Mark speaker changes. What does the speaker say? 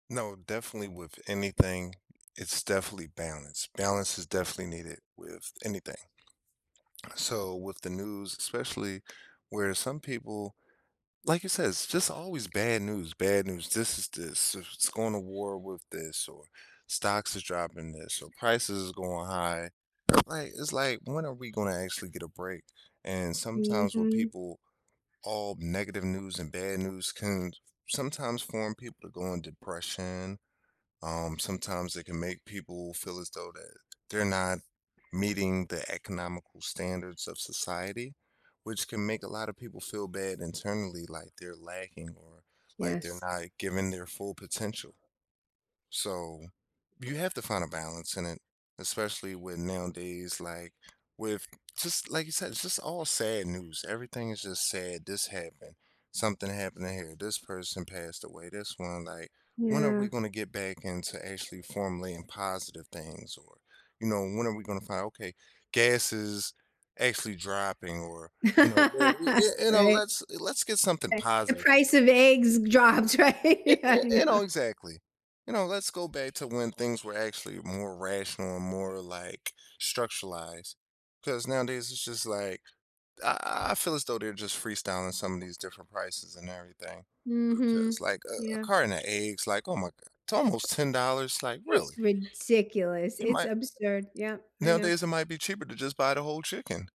Speaker 1: No, definitely with anything, it's definitely balance. Balance is definitely needed with anything. On a so with the news, especially where some people like you said, "It's just always bad news, bad news." "This is this; s it's going to war with this," or "Stocks is dropping this," or "Prices is going high." Like, it's like, when are we gonna actually get a break? And sometimes with
Speaker 2: Mhm.
Speaker 1: people, all negative news and bad news can s sometimes form people to go in depression. Um, sometimes it can make people feel as though that they're not meeting the economical standards of society, which can make a lotta people feel bad internally, like they're lacking or like, they're
Speaker 2: Yes.
Speaker 1: not giving their full potential. So, you have to find a balance in it, especially with, nowadays, like, with just like you said, it's just all sad news. Everything is just sad. "This happened, something happened to here, this person passed away." This one like, when are we
Speaker 2: Yeah.
Speaker 1: gonna get back into actually formulating positive things? Or, you know, when are we gonna find, okay, "Gas is actually dropping," or, you know, where you eh you know,
Speaker 2: Right.
Speaker 1: let's let's get something
Speaker 2: Right, the
Speaker 1: positive
Speaker 2: price
Speaker 1: here.
Speaker 2: of eggs g dropped,
Speaker 1: Eh
Speaker 2: right, I
Speaker 1: eh eh,
Speaker 2: know.
Speaker 1: no, exactly. You know, let's go back to when things were actually more rational and more, like, structuralized ‘cause nowadays, it's just like, I I feel as though they're just free-styling some of these different prices and everything,
Speaker 2: Mhm.
Speaker 1: because, like, a a
Speaker 2: Yeah.
Speaker 1: carton of eggs, like, oh my god. It's almost $10. Like, really?
Speaker 2: It's ridiculous,
Speaker 1: It
Speaker 2: it's
Speaker 1: might
Speaker 2: absurd, yep, I know.
Speaker 1: nowadays it might be cheaper to just buy the whole chicken.